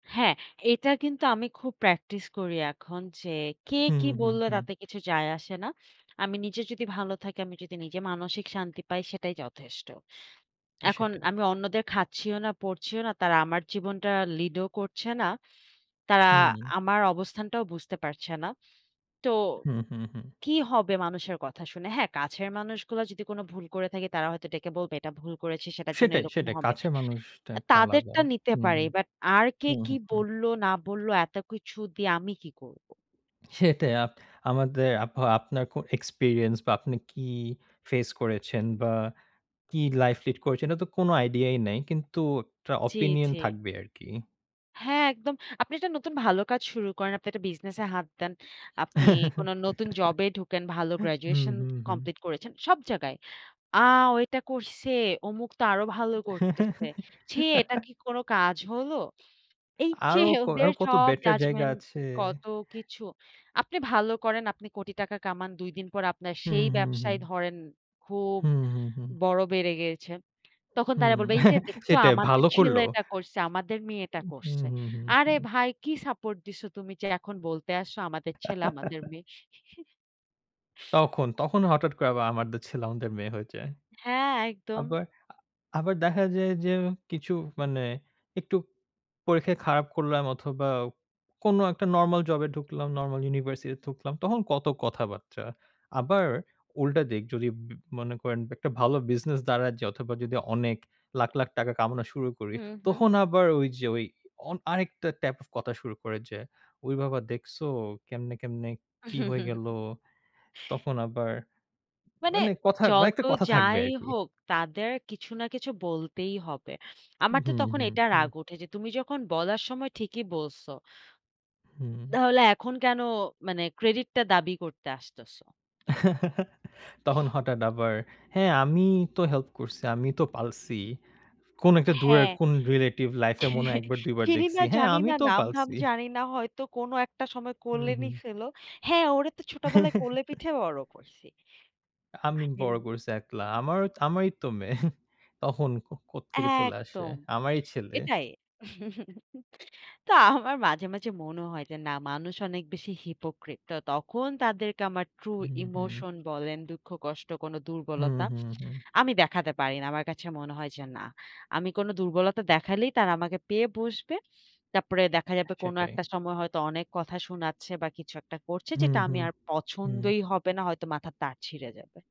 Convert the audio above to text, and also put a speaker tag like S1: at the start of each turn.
S1: হ্যাঁ, এটা কিন্তু আমি খুব প্র্যাকটিস করি এখন যে কে
S2: হুম,
S1: কি
S2: হুম,
S1: বলল
S2: হুম।
S1: তাতে কিছু যায় আসে না। আমি নিজে যদি ভালো থাকি আমি যদি নিজে মানসিক শান্তি পাই সেটাই যথেষ্ট। এখন
S2: সেটাই।
S1: আমি অন্যদের খাচ্ছিও না, পড়ছিও না। তারা আমার জীবনটা লিড ও করছে না। তারা
S2: হুম।
S1: আমার অবস্থানটাও বুঝতে পারছে না। তো
S2: হুম, হুম, হুম।
S1: কি হবে মানুষের কথা শুনে। হ্যাঁ, কাছের মানুষগুলা যদি কোনো ভুল করে থাকি তারা হয়তো ডেকে বলবে এটা ভুল করেছি সেটার জন্য
S2: সেটাই,
S1: এরকম
S2: সেটাই।
S1: হবে।
S2: কাছের মানুষটা
S1: আ
S2: একটা আলাদা
S1: তাদেরটা নিতে
S2: হুম,
S1: পারি
S2: হুম,
S1: বাট আর কে
S2: হুম,
S1: কি
S2: হুম, হুম।
S1: বলল, না বলল এত কিছু দিয়ে আমি কি করব?
S2: সেটাই আ আমাদের বা আপনার কো এক্সপেরিয়েন্স বা আপনি কি ফেস করেছেন বা কি লাইফ লিড করেছেন এটা তো কোনো আইডিয়াই নাই কিন্তু একটা
S1: জি,
S2: ওপিনিয়ন
S1: জি।
S2: থাকবে আরকি।
S1: হ্যাঁ, একদম। আপনি একটা নতুন ভালো কাজ শুরু করেন, আপনি একটা বিজনেসে হাত দেন, আপনি কোনো নতুন জবে ঢুকেন ভালো
S2: হুম,
S1: গ্র্যাজুয়েশন
S2: হুম, হুম।
S1: কমপ্লিট করেছেন সব জায়গায়। আ "ওইটা করছে, অমুক তো আরো ভালো করতেছে। ছি! এটা কি কোনো কাজ হলো?" এইযে
S2: আরো ক
S1: ওদের
S2: আরো কত
S1: সব
S2: বেটার জায়গা
S1: জাজমেন্ট
S2: আছে।
S1: কত কিছু আপনি ভালো করেন আপনি কোটি টাকা কামান ২ দিন পর আপনার
S2: হুম,
S1: সেই
S2: হুম, হুম।
S1: ব্যবসায় ধরেন খুব
S2: হুম, হুম, হুম।
S1: বড় বেড়ে গিয়েছে। তখন তারা
S2: হুম,
S1: বলবে, "এইযে দেখছো
S2: সেটাই
S1: আমাদের
S2: ভালো করল।
S1: ছেলে এটা করছে, আমাদের মেয়ে
S2: উ
S1: এটা
S2: হুম,
S1: করছে।"
S2: হুম, হুম,
S1: আরে
S2: হুম।
S1: ভাই কি সাপোর্ট দিছো তুমি যে এখন বলতে আসছো আমাদের ছেলে, আমাদের মেয়ে।
S2: তখন, তখন হঠাৎ করে আবার আমাদের ছেলে, আমাদের মেয়ে হয়ে যায়।
S1: হ্যাঁ, একদম।
S2: আবার, আবার দেখা যায় যে কিছু মানে একটু পরীক্ষায় খারাপ করলাম অথবা কোনো একটা নরমাল জবে ঢুকলাম, নরমাল ইউনিভার্সিটিতে ঢুকলাম তখন কত কথাবার্তা। আবার উল্টা দিক যদি উম মনে করেন একটা ভালো বিজনেস দাঁড়ায় যে অথবা যদি অনেক লাখ, লাখ টাকা কামনা শুরু করি,
S1: হুম, হুম।
S2: তখন আবার ওইযে ওই অন আরেকটা টাইপ কথা শুরু করে যে, "ওই বাবা দেখসো কেমনে, কেমনে কি হয়ে গেল।" তখন আবার
S1: মানে
S2: মানে কথা মানে
S1: যত
S2: একটা কথা থাকবে
S1: যাই
S2: আরকি।
S1: হোক তাদের কিছু না কিছু বলতেই হবে। আমার তো
S2: হুম,
S1: তখন
S2: হুম,
S1: এটা
S2: হুম।
S1: রাগ উঠে যে, তুমি যখন বলার সময় ঠিকই বলছ
S2: হুম।
S1: তাহলে এখন কেনো মানে ক্রেডিটটা দাবি করতে আসতেছ?
S2: তখন হঠাৎ আবার হ্যাঁ, আমি তো হেল্প করছি, আমি তো পালছি। কোনো একটা দূরের
S1: হ্যাঁ,
S2: কোনো রিলেটিভ লাইফে মনে হয় ১ বার, ২ বার
S1: চিনি
S2: দেখছি,
S1: না,
S2: "হ্যাঁ,
S1: জানি
S2: আমি
S1: না,
S2: তো
S1: নাম-ধাম
S2: পালছি।"
S1: জানি না হয়তো কোনো একটা সময়
S2: হুম,
S1: কোলে
S2: হুম।
S1: নিছিল, "হ্যাঁ, ওরে তো ছোটবেলায় কোলে পিঠে বড় করছি।"
S2: আমি
S1: আই মিন।
S2: বড় করেছি একলা। আমার, আমারই তো মেয়ে তখন কোত্থেকে চলে আসে
S1: একদম,
S2: আমারই ছেলে।
S1: এটাই তো আমার মাঝে, মাঝে মনে হয় যে না মানুষ অনেক বেশি হিপোক্রিট। তো তখন তাদেরকে আমার ট্রু
S2: হুম, হুম।
S1: ইমোশন বলেন দুঃখ, কষ্ট কোনো
S2: হুম,
S1: দুর্বলতা
S2: হুম, হুম।
S1: আমি দেখাতে পারি না, আমার কাছে মনে হয় যে না। আমি কোনো দুর্বলতা দেখালেই তারা আমাকে পেয়ে বসবে। তারপরে দেখা যাবে কোনো
S2: সেটাই।
S1: একটা সময় হয়তো অনেক কথা শুনাচ্ছে বা কিছু একটা করছে
S2: হুম,
S1: যেটা আমি
S2: হুম,
S1: আর
S2: হুম।
S1: পছন্দই হবে না হয়তো মাথার তার ছিঁড়ে যাবে।